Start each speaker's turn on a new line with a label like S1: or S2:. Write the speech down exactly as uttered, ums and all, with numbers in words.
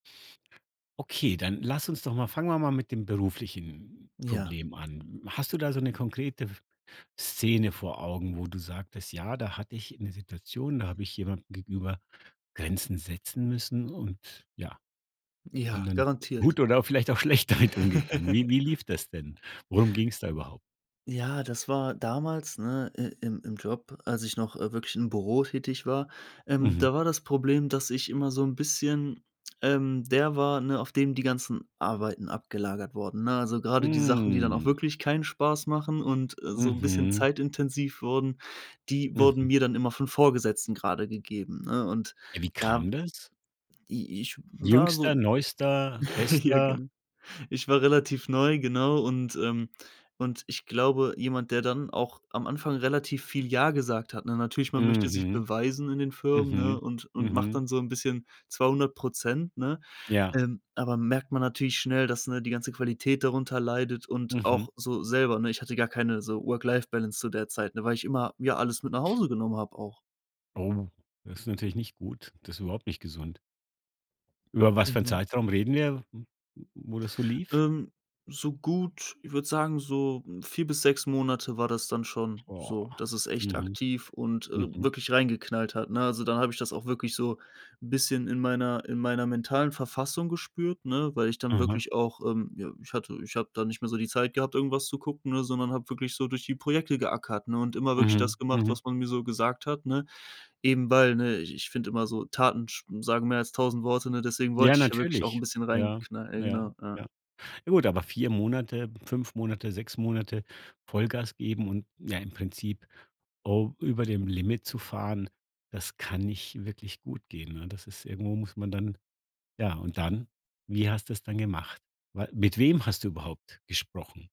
S1: Okay, dann lass uns doch mal fangen wir mal mit dem beruflichen
S2: Ja.
S1: Problem an. Hast du da so 'ne konkrete F Szene vor Augen, wo du sagtest: „Ja, da hatte ich 'ne Situation, da habe ich jemandem gegenüber Grenzen setzen müssen und, ja, bin
S2: Ja,
S1: dann
S2: garantiert.
S1: gut oder vielleicht auch schlecht damit umgegangen.“ Wie wie lief das denn? Worum ging's da überhaupt?
S2: Ja, das war damals, ne, i im im Job, als ich noch, äh, wirklich im Büro tätig war. Ähm,
S1: Mhm.
S2: da war das Problem, dass ich immer so 'n bisschen, ähm, der war, ne, auf dem die ganzen Arbeiten abgelagert wurden, ne? Also grade die Sachen, die dann auch
S1: Hm.
S2: wirklich keinen Spaß machen und, äh, so 'n bisschen
S1: Mhm.
S2: zeitintensiv wurden, die wurden
S1: Mhm.
S2: mir dann immer von Vorgesetzten grade gegeben, ne? Und
S1: Ja, wie
S2: da
S1: kam das?
S2: i ich w war
S1: Jüngster,
S2: so
S1: Neuester,
S2: ja,
S1: Bester?
S2: genau. Ich war relativ neu, genau und, ähm und ich glaube, jemand, der dann auch am Anfang relativ viel „Ja“ gesagt hat, ne, natürlich, man möchte sich
S1: Mhm.
S2: beweisen in den Firmen,
S1: Mhm.
S2: ne, und und macht
S1: Mhm.
S2: dann so 'n bisschen zweihundert Prozent, ne?
S1: Ja.
S2: Ähm, aber merkt man natürlich schnell, dass, ne, die ganze Qualität darunter leidet und
S1: Mhm.
S2: auch so selber, ne? Ich hatte gar keine so Work-Life-Balance zu der Zeit, ne, weil ich immer mir alles mit nach Hause genommen habe auch.
S1: Oh, ist natürlich nicht gut. Das ist überhaupt nicht gesund. Über was für 'n
S2: Mhm.
S1: Zeitraum reden wir, w w wo das so lief?
S2: Ähm, so gut, ich würde sagen, so, hm, vier bis sechs Monate war das dann schon
S1: Oah.
S2: so, dass es echt
S1: Mhm.
S2: aktiv und, äh,
S1: Mhm.
S2: wirklich reingeknallt hat, ne? Also, dann habe ich das auch wirklich so 'n bisschen in meiner in meiner mentalen Verfassung gespürt, ne, weil ich dann
S1: Mhm.
S2: wirklich auch, ähm, ja ich hatte ich habe da nicht mehr so die Zeit gehabt, irgendwas zu gucken, ne, sondern habe wirklich so durch die Projekte geackert, ne, und immer wirklich das
S1: Mhm,
S2: gemacht,
S1: mhm.
S2: was man mir so gesagt hat, ne? Eben weil, ne ich ich finde immer so Taten sch sagen mehr als tausend Worte, ne, deswegen
S1: Ja,
S2: wollte ich ja wirklich auch 'n
S1: natürlich.
S2: bisschen
S1: Ja,
S2: reinknall ja,
S1: na ja,
S2: genau. Ja.
S1: ja. Ja gut, aber vier Monate, fünf Monate, sechs Monate Vollgas geben und, ja, im Prinzip o über dem Limit zu fahren, das kann nicht wirklich gut gehen, ne? Das ist irgendwo muss man dann ja, und dann, wie hast du's dann gemacht? Wa mit wem hast du überhaupt gesprochen?